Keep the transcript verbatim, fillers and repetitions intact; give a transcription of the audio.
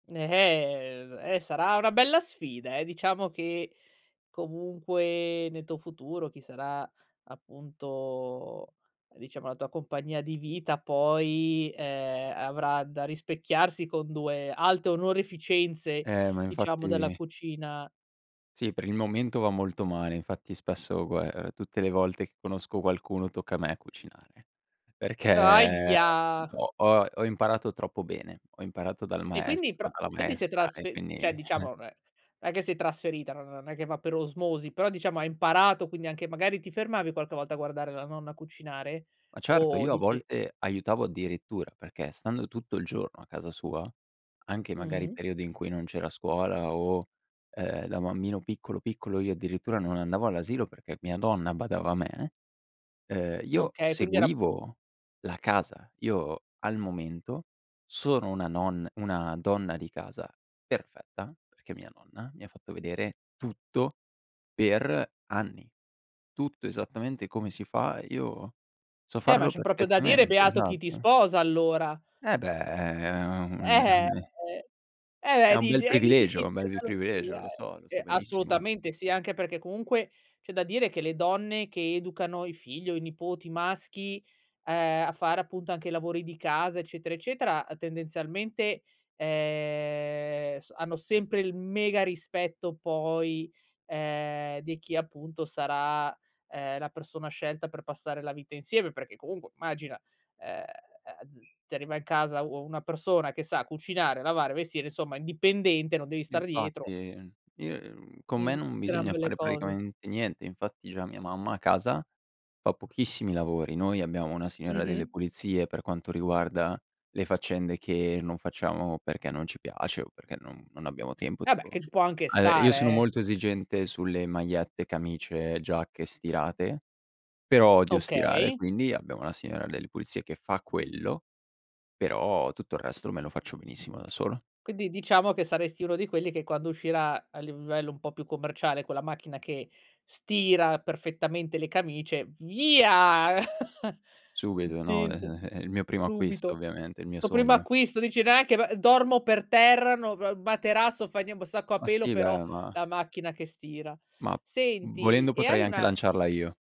Ehm, è sarà una bella sfida, eh. Diciamo che comunque nel tuo futuro chi sarà appunto diciamo la tua compagnia di vita poi, ehm, avrà da rispecchiarsi con due alte onoreficenze, Eh, ma diciamo, della infatti cucina. Sì, per il momento va molto male, infatti spesso gua ehm, tutte le volte conosco qualcuno tocca a me cucinare, perché Ahia! ho ho ho imparato troppo bene: ho imparato dal E quindi maestro pro dalla quindi si è maestra e trasfe mhmm, quindi ceh diciamo non è è che si è trasferita, non non è che va per osmosi, però diciamo hai imparato quindi anche magari ti fermavi qualche volta a guardare la nonna cucinare? Ma certo O io a dici volte aiutavo addirittura, perché stando tutto il giorno a casa sua, anche magari Mh. periodi in cui non c'era scuola o, ehm, da bambino piccolo piccolo io addirittura non andavo all'asilo perché mia nonna badava a me; ehm, io Okay, quindi era seguivo la casa. Io al momento sono una nonna una donna di casa perfetta, perché mia nonna mi ha fatto vedere tutto per anni. Tutto esattamente come si fa, io so Eh, ma farlo c'è proprio da dire: perfettamente, "Beato chi ti esatto. sposa allora." Eh beh, è è un è Eh, eh, un eh. è Eh, un bel dici, e chi ti privilegio, un vince bel li la privilegio, lotteria? lo so lo so Ehm, benissimo. assolutamente sì, anche perché comunque c'è da dire che le donne che educano i figli o i nipoti maschi, ehm, a fare appunto anche lavori di casa eccetera eccetera, tendenzialmente, ehm, s hanno sempre il mega rispetto poi, ehm, di chi appunto sarà, ehm, la persona scelta per passare la vita insieme, perché comunque immagina: ehm ehm, z ti arriva in casa u una persona che sa cucinare, lavare, vestire, insomma indipendente, non devi stare Infatti, dietro. ehm, io ehm, con me Mh, non gran bisogna belle fare cose. praticamente niente, infatti già mia mamma a casa fa pochissimi lavori. Noi abbiamo una signora delle Mh-mh. pulizie per quanto riguarda le faccende che non facciamo perché non ci piace o perché non non abbiamo tempo Eh beh, tipo. che ci può anche Uhm, io stare, sono eh. molto esigente sulle magliette, camicie, giacche stirate, però odio stirare, Okay. quindi abbiamo una signora delle pulizie che fa quello; però tutto il resto me lo faccio benissimo da solo. Quindi diciamo che saresti uno di quelli che quando uscirà a livello un po' più commerciale quella macchina che stira perfettamente le camicie: "Via!" Subito, no, eh Tilt, ehm, è il mio primo acquisto subito. ovviamente, il mio Toh, primo sogno. acquisto, dici: "Neanche ba dormo per terra, no, g materasso, fa nien boh, sacco a Ma pelo sì, però beh ma la macchina che stira" ma Senti volendo e potrei hai anche una lanciarla io.